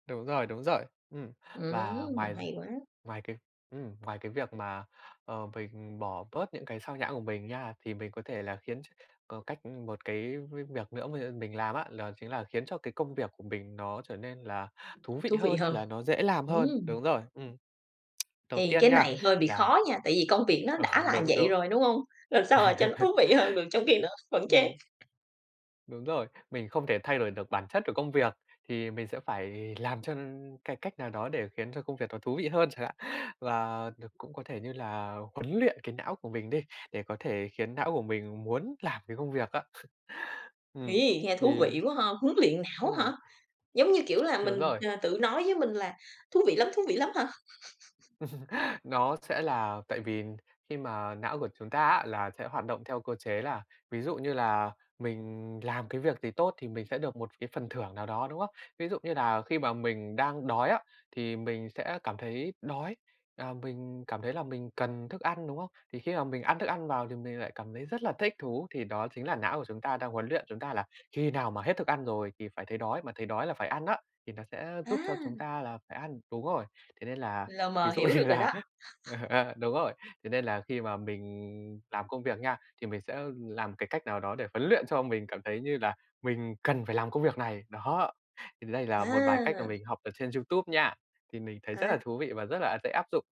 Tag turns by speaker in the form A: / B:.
A: Đúng rồi, đúng rồi. Ừm, và
B: Ừm,
A: ngoài
B: hay quá!
A: ngoài cái ừm, ngoài cái việc mà, ờ, mình bỏ bớt những cái xao nhãng của mình nha thì mình có thể là khiến ch có cách 1 cái với việc nữa mà, ưm, mình làm á, đó chính là khiến cho cái công việc của mình nó trở nên là thú vị
B: Thú vị
A: hơn
B: hơn,
A: là nó dễ làm hơn
B: ừm.
A: đúng rồi, ừm. Đầu
B: Thì
A: tiên
B: cái
A: nha
B: này hơi bị
A: là
B: khó nha tại vì công việc nó
A: Ờ,
B: đã là
A: đúng,
B: vậy
A: đúng.
B: rồi, đúng hông? Làm sao mà cho nó thú vị hơn được trong khi nó vẫn chán.
A: Ừm. Đúng rồi, mình không thể thay đổi được bản chất của công việc thì mình sẽ phải làm cho cái cách nào đó để khiến cho công việc nó thú vị hơn chẳng hạn và đ cũng có thể như là huấn luyện cái não của mình đi để có thể khiến não của mình muốn làm cái công việc á. Ừm,
B: Ấy, nghe thú
A: thì
B: vị quá ha! Huấn luyện não hả?
A: ừm.
B: Giống như kiểu là
A: Đúng
B: mình,
A: rồi.
B: ờ, tự nói với mình là thú vị lắm thú vị lắm hả?
A: Nó sẽ là tại vì khi mà não của chúng ta á là sẽ hoạt động theo cơ chế là ví dụ như là mình làm cái việc gì tốt thì mình sẽ được 1 cái phần thưởng nào đó, đúng không? Ví dụ như là khi mà mình đang đói á thì mình sẽ cảm thấy đói, à, mình cảm thấy là mình cần thức ăn, đúng không? Thì khi mà mình ăn thức ăn vào thì mình lại cảm thấy rất là thích thú thì đó chính là não của chúng ta đang huấn luyện chúng ta là khi nào mà hết thức ăn rồi thì phải thấy đói mà thấy đói là phải ăn á, thì nó sẽ giúp cho chúng
B: À!
A: ta là phải ăn đúng rồi, thế nên là,
B: Lờ
A: ví
B: mờ
A: dụ
B: hiểu được
A: như
B: rồi
A: là,
B: đó.
A: ờ, ờ, đúng rồi, thế nên là khi mà mình làm công việc nha thì mình sẽ làm cái cách nào đó để huấn luyện cho mình cảm thấy như là mình cần phải làm công việc này, đó, thì đây là một vài cách mà
B: À!
A: mình học ở trên YouTube nha, thì mình thấy rất là
B: À.
A: thú vị và rất là, ờ, dễ áp dụng.